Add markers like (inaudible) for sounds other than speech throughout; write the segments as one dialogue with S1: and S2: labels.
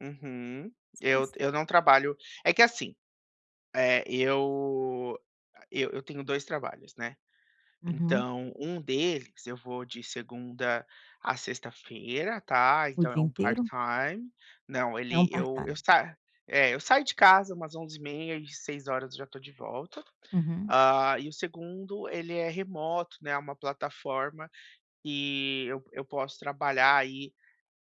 S1: Uhum.
S2: Mas como
S1: Eu
S2: assim?
S1: eu não trabalho é que, assim, eh, eu e eu tenho 2 trabalhos, né.
S2: Aham.
S1: Então, 1 deles eu vou de segunda a sexta-feira tá,
S2: O
S1: então, é
S2: dia
S1: um part
S2: inteiro?
S1: time não,
S2: É um
S1: ele
S2: part
S1: eu eu
S2: time.
S1: sa é, eu saio de casa umas 11:30 e 18:00 eu já estou de volta.
S2: Uhum.
S1: Hã, e o 2º, ele é remoto, né, é uma plataforma que eu eu posso trabalhar aí,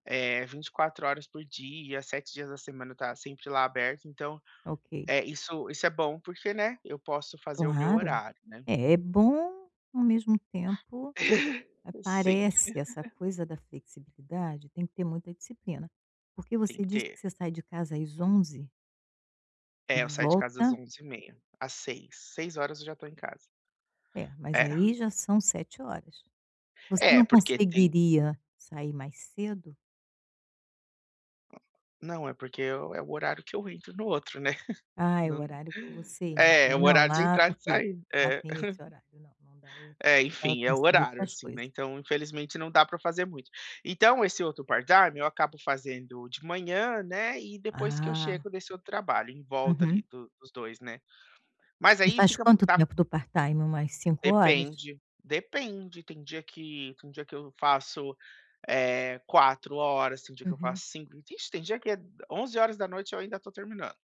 S1: eh, 24 horas por dia, 7 dias da semana está sempre lá aberto. Então,
S2: Ok.
S1: eh, isso isso é bom porque, né, eu posso fazer o meu
S2: Claro.
S1: horário, né.
S2: É bom, ao mesmo tempo,
S1: (chuckles) Sim.
S2: aparece essa
S1: (laughs)
S2: coisa da flexibilidade, tem que ter muita disciplina. Porque
S1: Tem
S2: você
S1: que
S2: disse
S1: ter.
S2: que você sai de casa às 11:00 e
S1: É, eu saio de casa às
S2: volta?
S1: 11:30, às 18:00, 18:00 eu já estou em casa.
S2: É, mas
S1: É.
S2: aí já são 7 horas. Você
S1: É,
S2: não
S1: porque tem
S2: conseguiria sair mais cedo?
S1: Não, é porque é o horário que eu entro no outro, né. (chuckles)
S2: Ah, é o
S1: Não
S2: horário que você entra,
S1: é o
S2: não
S1: horário de
S2: lá
S1: entrar e
S2: porque,
S1: sair.
S2: lá
S1: É
S2: tem esse
S1: (chuckles)
S2: horário. Não, não dá, eu
S1: É,
S2: só estava
S1: enfim, é o
S2: pensando
S1: horário,
S2: outras
S1: assim,
S2: coisas.
S1: né. Então, infelizmente, não dá para fazer muito. Então, esse outro part time eu acabo fazendo de manhã, né, e depois que eu
S2: Ah.
S1: chego desse outro trabalho, em volta ali
S2: Uhum.
S1: do dos 2, né. Mas
S2: E
S1: aí
S2: faz
S1: fica
S2: quanto
S1: tá f
S2: tempo do part time, umas 5 horas?
S1: Depende, depende, tem dia que tem dia que eu faço, eh, 4 horas, tem dia que eu
S2: Uhum.
S1: faço 5, vixe, tem dia que é 23:00 eu ainda estou terminando.